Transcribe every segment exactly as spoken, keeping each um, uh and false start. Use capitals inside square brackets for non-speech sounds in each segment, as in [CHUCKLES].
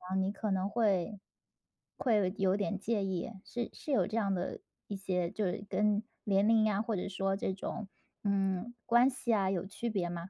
啊，你可能会会有有点介意，是是有这样的一些就是跟年龄呀，或者说这种，嗯，关系啊，有区别吗？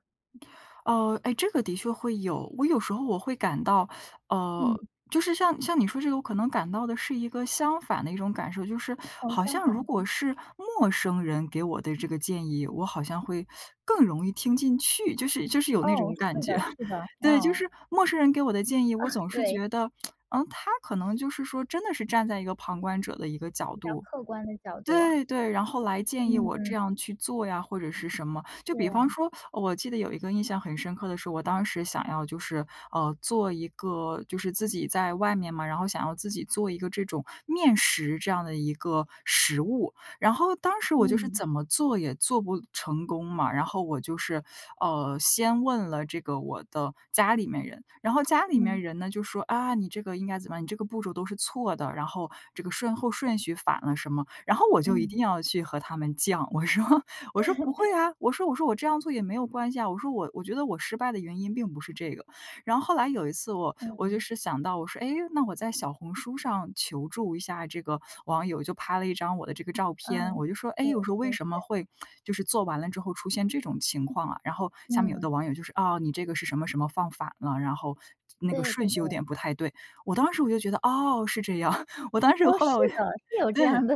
呃，哎，这个的确会有。我有时候我会感到，呃，嗯。就是像像你说这个，我可能感到的是一个相反的一种感受。就是哦，好相像反如果的。是陌生人给我的这个建议，我好像会 [SUCKS TEETH] 更容易听进去，就是就是有那哦，种是感觉。的 [CHUCKLES] 是的，对，就哦。是陌生人给我的建议，我啊，总是对。觉得，[TSK] 嗯，他可能就是说真的是站在一个旁观者的一个角比较度。客观的角度。对对，然后来建议我嗯。这样去做呀，或者是什么。是就比啊。方说我记得有一个印象很深刻的是，我当时想要就是，呃，做一个就是自己在外面嘛，然后想要自己做一个这种面食这样的一个食物。然后当时我就是嗯。怎么做也做不成功嘛，然后我就是，呃，先问了这个我的家里面人。然后家里面嗯。人呢，就说，啊，你这个应该怎么样，你这个步骤都是错的，然后这个顺后顺序反了什么。然后我就一嗯。定要去和他们犟，我说我说不会 [LAUGHS] 啊，我说我说我这样做也没有关系啊，我说我我觉得我失败的原因并不是这个。然后后来有一次我我就嗯。是想到我说，哎，那我在小红书上求助一下这个网友，就拍了一张我的这个照片，嗯，我就说，哎，对，我说为是是。什么会 [TSK] 就是做完了之后出现这种情况啊？然后下面有嗯。的网友就是说，哦，你这个是什么什么放反了，然后那个对对顺序有对。点不太对。我当时我就觉得哦，是这样，[CHUCKLES] 我当时我哦，后来是我就的，是有这对。样的，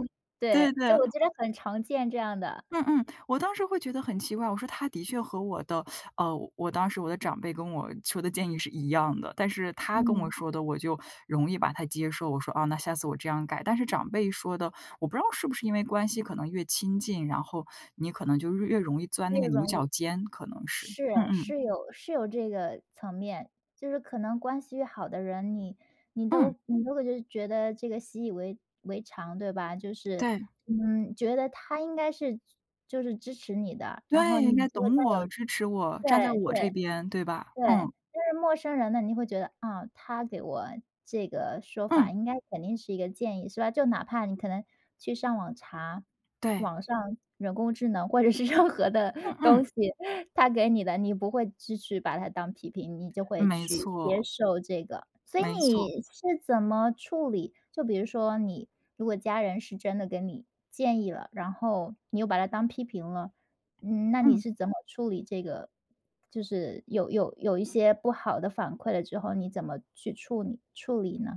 对对，就对。我觉得很常见这样的。嗯嗯，我当时会觉得很奇怪，我说他的确和我的呃，我当时我的长辈跟我说的建议是一样的。但是他跟我嗯。说的我就容易把它接受，我说，啊，那下次我这样改。但是长辈说的，我不知道是不是因为关系可能越亲近，然后你可能就越越容易钻那越个牛容角易。尖，可能是，是，嗯嗯。是有是有这个层面，就是可能关系好的人，你你嗯。都你都会觉得这个习以为为常，对吧？就是，对。嗯，觉得他应该是就是支持你的，然后对，应你该就会再懂有我、支持我，站在对我这对，边，对吧？对。嗯。就是陌生人呢，你会觉得，啊，他给我这个说法嗯。应该肯定是一个建议，是吧？就哪怕你可能去上网查，对。网上人工智能或者是任何的嗯东嗯。西，它给你的，你不会支持把它当批评，你就会没去接错。受这个。所以没错。你是怎么处理就比如说你如果家人是真的跟你建议了，然后你又把它当批评了，嗯，那你嗯。是怎么处理这个就是有有有一些不好的反馈了之后，你怎么去处你处理呢？